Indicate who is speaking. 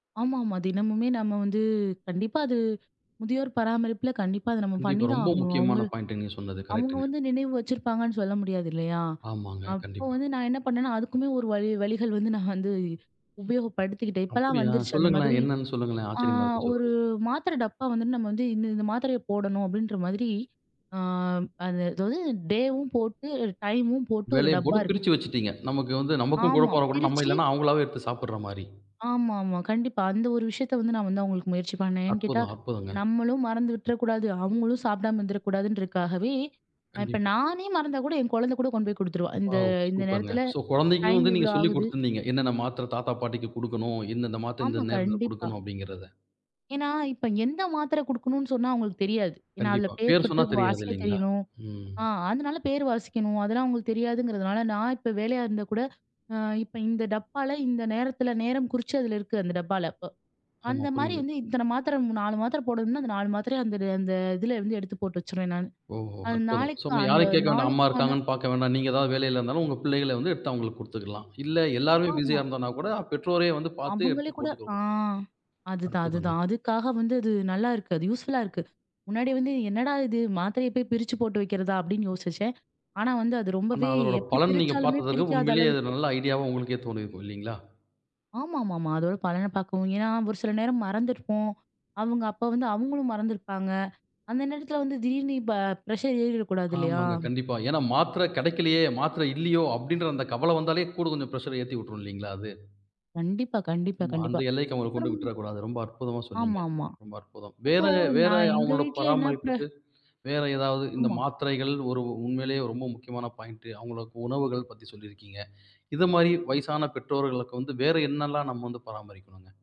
Speaker 1: ஆமாமா. தினமுமே நம்ம வந்து, கண்டிப்பா அது முதியோர் பராமரிப்புல கண்டிப்பா அத நம்ம
Speaker 2: கண்டிப்பா.
Speaker 1: பண்ணிதான்
Speaker 2: ரொம்ப
Speaker 1: ஆகணும்.
Speaker 2: முக்கியமான
Speaker 1: அவங்களு
Speaker 2: பாய்ன்ட் நீங்கச் சொன்னது
Speaker 1: அவங்க
Speaker 2: கரெக்ட்ங்க.
Speaker 1: வந்து நினைவு வச்சிருப்பாங்கன்னு சொல்ல முடியாது இல்லையா?
Speaker 2: ஆமாங்க.
Speaker 1: அப்போ
Speaker 2: கண்டிப்பா.
Speaker 1: வந்து நான் என்ன பண்ணேன்னா, அதுக்குமே ஒரு வழி வழிகள் வந்து நான் வந்து உபயோகப்படுத்திக்கிட்டேன். இப்பல்லாம்
Speaker 2: அப்டியா?
Speaker 1: வந்துருச்சு அந்த
Speaker 2: சொல்லுங்களேன்.
Speaker 1: மாதிரி.
Speaker 2: என்னன்னு சொல்லுங்களேன்.
Speaker 1: ஆ
Speaker 2: ஆச்சரியமா இருக்கு.
Speaker 1: 1
Speaker 2: சொல்லுங்க.
Speaker 1: மாத்திர டப்பா வந்து, நம்ம வந்து இந்த இந்த மாத்திரைய போடணும் அப்டின்ற மாதிரி, ஆ, அது அது வந்து டேவும் போட்டு, டைமும் போட்டு 1
Speaker 2: வேலையப்
Speaker 1: டப்பா
Speaker 2: போட்டுப்
Speaker 1: இருக்கு.
Speaker 2: பிரிச்சு வச்சுட்டீங்க. நமக்கு வந்து நமக்கும்
Speaker 1: ஆமா
Speaker 2: குழப்பம் வரக்கூடாது. நம்ம
Speaker 1: பிரிச்சி
Speaker 2: இல்லன்னா அவங்களாவே எடுத்துச் சாப்பட்ற மாரி.
Speaker 1: ஆமாமா. கண்டிப்பா அந்த ஒரு விஷயத்த வந்து நான் வந்து அவுங்களுக்கு முயற்சி பண்ணேன். ஏன் கேட்டா,
Speaker 2: அற்புதம், அற்புதங்க.
Speaker 1: நம்மளும் மறந்து விட்றக்கூடாது, அவங்களும் சாப்படாம இருந்துறக்கூடாதுன்ருக்காகவே. இப்ப
Speaker 2: கண்டிப்பா.
Speaker 1: நானே மறந்தா கூட, என் குழந்த கூட கொண்டு போய் குடுத்துருவா. இந்த,
Speaker 2: வாவ்!
Speaker 1: இந்த
Speaker 2: சூப்பர்ங்க.
Speaker 1: நேரத்துல
Speaker 2: ஸோ குழந்தைக்கு
Speaker 1: டைம்
Speaker 2: வந்து
Speaker 1: இவ்ளோ
Speaker 2: நீங்கச் சொல்லிக்
Speaker 1: ஆகுது.
Speaker 2: குடுத்திருந்தீங்க. "என்னென்ன மாத்திர தாத்தா, பாட்டிக்குக் குடுக்கணும், இந்தெந்த மாத்திர இந்த
Speaker 1: ஆமா.
Speaker 2: நேரத்துல
Speaker 1: கண்டிப்பா.
Speaker 2: குடுக்கணும்." அப்டிங்கிறத.
Speaker 1: ஏன்னா, இப்ப எந்த மாத்திர குடுக்கணும்னு சொன்னா அவுங்களுக்குத் தெரியாது. ஏன்னா அதுல
Speaker 2: கண்டிப்பா.
Speaker 1: பேர்
Speaker 2: பேர்
Speaker 1: போட்டு
Speaker 2: சொன்னா தெரியாது
Speaker 1: வாசிக்கத்
Speaker 2: இல்லீங்களா?
Speaker 1: தெரியணும்.
Speaker 2: ம்.
Speaker 1: அ அதனால பேர் வாசிக்கணும். அதெல்லாம் அவுங்களுக்குத் தெரியாதுங்கறதுனால நான் இப்ப வேலையா இருந்தா கூட, அ இப்ப இந்த டப்பால இந்த நேரத்துல நேரம் குறிச்சதுல இருக்கு அந்த டப்பால இப்ப.
Speaker 2: ஆமா.
Speaker 1: அந்த மாரி
Speaker 2: புரியுது.
Speaker 1: வந்து இத்தன மாத்திர 4 மாத்திர போடணும்னா, அந்த 4 மாத்திரய அந்த அந்த இதுலருந்து எடுத்துப் போட்டு வச்சிருவேன் நானு.
Speaker 2: ஓஹோ
Speaker 1: அது
Speaker 2: அற்புதம். ஸோ
Speaker 1: நாளைக்கு
Speaker 2: இனிமே
Speaker 1: அந்த
Speaker 2: யாரயும் கேட்க வேண்டாம். அம்மா
Speaker 1: நாளுக்குக்கான
Speaker 2: இருக்காங்கன்னு பாக்க வேண்டாம். நீங்க ஏதாவது வேலையில இருந்தாலும் உங்க பிள்ளைகள வந்து எடுத்து அவங்களுக்கு குடுத்துக்கலாம். இல்ல எல்லாரும் பிஸியா
Speaker 1: ஆமா.
Speaker 2: இருந்தானாக்கூட பெற்றோரே வந்து பாத்து
Speaker 1: அவங்களே
Speaker 2: எடுத்துப்
Speaker 1: கூட
Speaker 2: போட்டுக்க
Speaker 1: ஆ.
Speaker 2: வேண்டியது.
Speaker 1: அதுதான்,
Speaker 2: அற்புதங்க.
Speaker 1: அதுதான். அதுக்காக வந்து அது நல்லாருக்கு. அது யூஸ்ஃபுல்லா இருக்கு. முன்னாடி வந்து என்னடா இது! மாத்திரய போய் பிரிச்சு போட்டு வைக்கிறதா? அப்டின்னு யோசிச்சேன். ஆனா வந்து அது
Speaker 2: ஆனா
Speaker 1: ரொம்பவே
Speaker 2: அதோட
Speaker 1: எப்டி
Speaker 2: பலன் நீங்கப்
Speaker 1: பிரிச்சாலுமே
Speaker 2: பாத்ததுல
Speaker 1: பிரிக்காத
Speaker 2: உண்மையிலேயே இது
Speaker 1: அளவுக்கு
Speaker 2: நல்ல ஐடியாவா உங்களுக்கே தோணிருக்கும். இல்லீங்களா?
Speaker 1: ஆமாமாமா. அதோட பலனப் பாக்கவும். ஏன்னா ஒரு சில நேரம் மறந்துருப்போம். அவங்க அப்ப வந்து அவங்களும் மறந்துருப்பாங்க. அந்த நேரத்துல வந்து திடீர்னு இப்ப ப்ரஷர் ஏறிடக் கூடாது இல்லையா?
Speaker 2: ஆமாங்க. கண்டிப்பா. ஏன்னா மாத்திர கிடைக்கலையே. மாத்திரை இல்லையோ? அப்டின்ற அந்தக் கவல வந்தாலே கூடக் கொஞ்சம் ப்ரஷர் ஏத்தி விட்ரும் இல்லீங்களா அது?
Speaker 1: கண்டிப்பா. கண்டிப்பா.
Speaker 2: ஆமா. அந்த
Speaker 1: கண்டிப்பா.
Speaker 2: எல்லைக்கு அவங்கள கொண்டு
Speaker 1: அப்பறம்
Speaker 2: விட்ற கூடாது. ரொம்ப அற்புதமா சொன்னீங்க.
Speaker 1: ஆமாமா.
Speaker 2: ரொம்ப அற்புதம். வேற,
Speaker 1: அப்போ
Speaker 2: வேற
Speaker 1: நான் எங்க
Speaker 2: அவங்களோட
Speaker 1: வீட்ல என்ன ப்ர
Speaker 2: பராமரிப்புக்கு, வேற ஏதாவது இந்த
Speaker 1: ஆமா.
Speaker 2: மாத்திரைகள் ஒரு உண்மையிலேயே ரொம்ப முக்கியமான பாய்ன்ட் அவங்களுக்கு உணவுகள் பத்தி சொல்லி இருக்கீங்க. இது மாதிரி வயசான பெற்றோர்களுக்கு வந்து வேற என்னெல்லாம் நம்ம வந்து பராமரிக்கணுங்க?